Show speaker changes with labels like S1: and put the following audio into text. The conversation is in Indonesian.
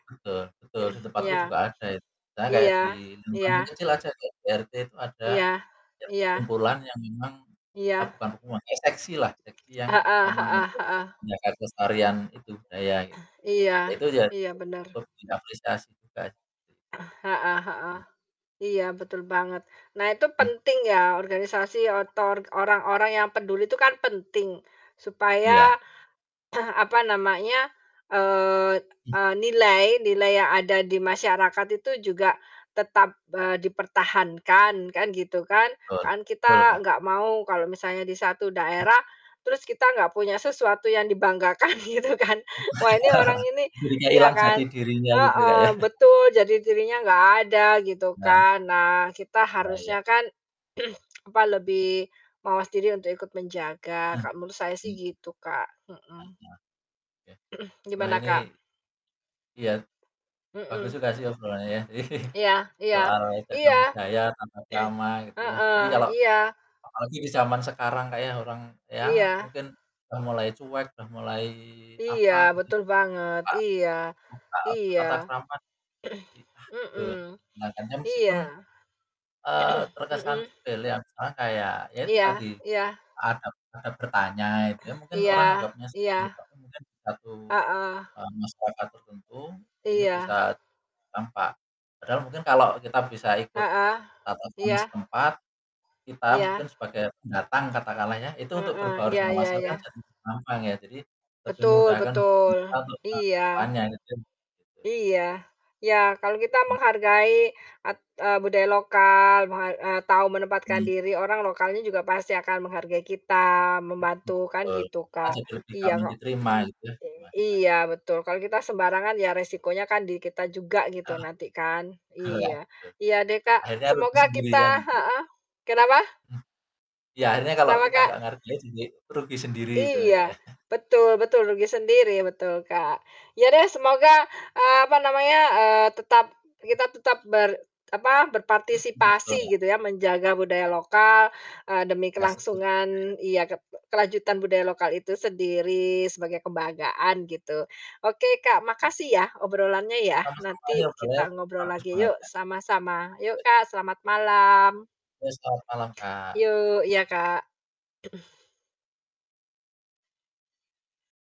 S1: Betul, betul, di tempatku
S2: Iya.
S1: juga ada itu. Misalnya kayak di
S2: Iya,
S1: lingkungan
S2: iya.
S1: kecil aja deh, di RT itu ada
S2: Iya
S1: kayak
S2: iya.
S1: kumpulan yang memang eee,
S2: Iya.
S1: bukan kumpulan, kayak seksi lah, seksi yang
S2: Heeh
S1: memang
S2: heeh
S1: untuk
S2: heeh.
S1: menjaga kelestarian itu budaya, gitu.
S2: Iya,
S1: Nah, itu aja,
S2: iya,
S1: itu
S2: bener.
S1: butuh diapresiasi juga, gitu.
S2: Heeh heeh, iya, betul banget. Nah, itu
S1: Mmm.
S2: penting ya, organisasi otor orang-orang yang peduli itu kan penting, supaya,
S1: Iya.
S2: apa namanya, eee,
S1: M
S2: eee, nilai nilai yang ada di masyarakat itu juga tetap, eee, dipertahankan kan, gitu kan.
S1: Betul
S2: Kan
S1: betul,
S2: kita
S1: Kak.
S2: gak mau kalau misalnya di satu
S1: Hmm.
S2: daerah, terus kita gak punya sesuatu yang dibanggakan, gitu kan. Wah, ini orang ini
S1: Jadinya
S2: iya
S1: ilang jati
S2: kan,
S1: dirinya, gitu, Kak,
S2: heeh,
S1: ya.
S2: betul, jadi dirinya gak ada, gitu
S1: Nah, m
S2: kan. Nah, kita
S1: Nah,
S2: harusnya
S1: iya.
S2: kan, apa, lebih mawas diri untuk ikut menjaga.
S1: Nah,
S2: Kalo menurut saya sih
S1: ini.
S2: gitu, Kak. Mhm.
S1: [unintelligible] Ya. Wah,
S2: Gimana,
S1: ini
S2: Kak?
S1: iya. Bagus
S2: Mhm.
S1: juga sih obrolannya ya,
S2: Iya iya
S1: soal cagar
S2: iya.
S1: budaya, tata krama, gitu ya, jadi
S2: Heeh,
S1: kalau
S2: iya.
S1: apalagi di zaman sekarang, Kak, ya, orang ya
S2: Iya.
S1: mungkin udah mulai cuek, udah mulai
S2: Iya,
S1: apa, gitu,
S2: betul banget, iya
S1: suka lupa.
S2: iya.
S1: Tata krama. I ah, eee,
S2: Mhm,
S1: keliatannya
S2: iya.
S1: meskipun, eee, terkesan
S2: Mhm.
S1: sepele ya, misalnya kayak, ya itu
S2: Iya
S1: tadi,
S2: iya.
S1: adab adab bertanya itu ya, mungkin
S2: Iya
S1: orang anggapnya seperti
S2: iya,
S1: [unintelligible] mungkin di satu,
S2: heeh.
S1: eee, masyarakat tertentu, ini
S2: Iya.
S1: bisa tampak. Padahal mungkin kalau kita bisa ikut
S2: Heeh,
S1: tata krama
S2: iya.
S1: setempat, kita
S2: Iya.
S1: mungkin sebagai pendatang, katakanlah ya, itu untuk
S2: Heeh,
S1: berbaur
S2: iya
S1: dengan
S2: iya
S1: masyarakat
S2: iya.
S1: jadi gampang ya, jadi lebih
S2: Betul
S1: memudahkan
S2: betul,
S1: kita untuk ke
S2: iya,
S1: depannya, ya kan gitu.
S2: iya. Ya, kalau kita
S1: Mmm.
S2: menghargai, at eee, budaya lokal, meha eee, tau menempatkan
S1: Mhm.
S2: diri, orang lokalnya juga pasti akan menghargai kita, membantu, kan
S1: Mmm, betul,
S2: gitu,
S1: kan
S2: Kak.
S1: jadi lebih
S2: Iya,
S1: gampang
S2: kok
S1: diterima gitu ya, di
S2: ek
S1: masyarakat.
S2: iya, betul, kalo kita sembarangan, ya resikonya kan di kita juga, gitu,
S1: Heeh,
S2: nanti kan.
S1: hela
S2: Iya.
S1: duh.
S2: Iya deh, Kak,
S1: Akhirnya rugi
S2: semoga
S1: sendiri kan
S2: kita
S1: gitu.
S2: heeh, kenapa?
S1: Mhm. Ya, akhirnya kalau
S2: Kenapa,
S1: kita
S2: Kak?
S1: nggak menghargai, juga itu rugi sendiri itu kan, Kak,
S2: Iya.
S1: ya.
S2: Betul betul, rugi sendiri, betul, Kak. Iya deh, semoga, eee, apa namanya, eee, tetap
S1: Mmm.
S2: kita tetap ber apa,
S1: Mmm,
S2: berpartisipasi,
S1: betul
S2: gitu ya. Menjaga budaya
S1: [unintelligible]
S2: lokal, eee, demi
S1: Ya, setuju, Kak, ya.
S2: kelangsungan ya, ket e kelanjutan budaya lokal itu sendiri, sebagai kebanggaan, gitu. Oke, Kak,
S1: Hmm.
S2: makasih ya, obrolannya
S1: Itu
S2: ya,
S1: kan masalahnya
S2: nanti
S1: udah
S2: kita
S1: lewat,
S2: ngobrol
S1: bagus
S2: lagi
S1: banget
S2: yuk,
S1: kan.
S2: sama-sama. Yuk,
S1: [unintelligible]
S2: Kak, selamat malam.
S1: Ya, selamat malam, Kak.
S2: Yuk, iya, Kak.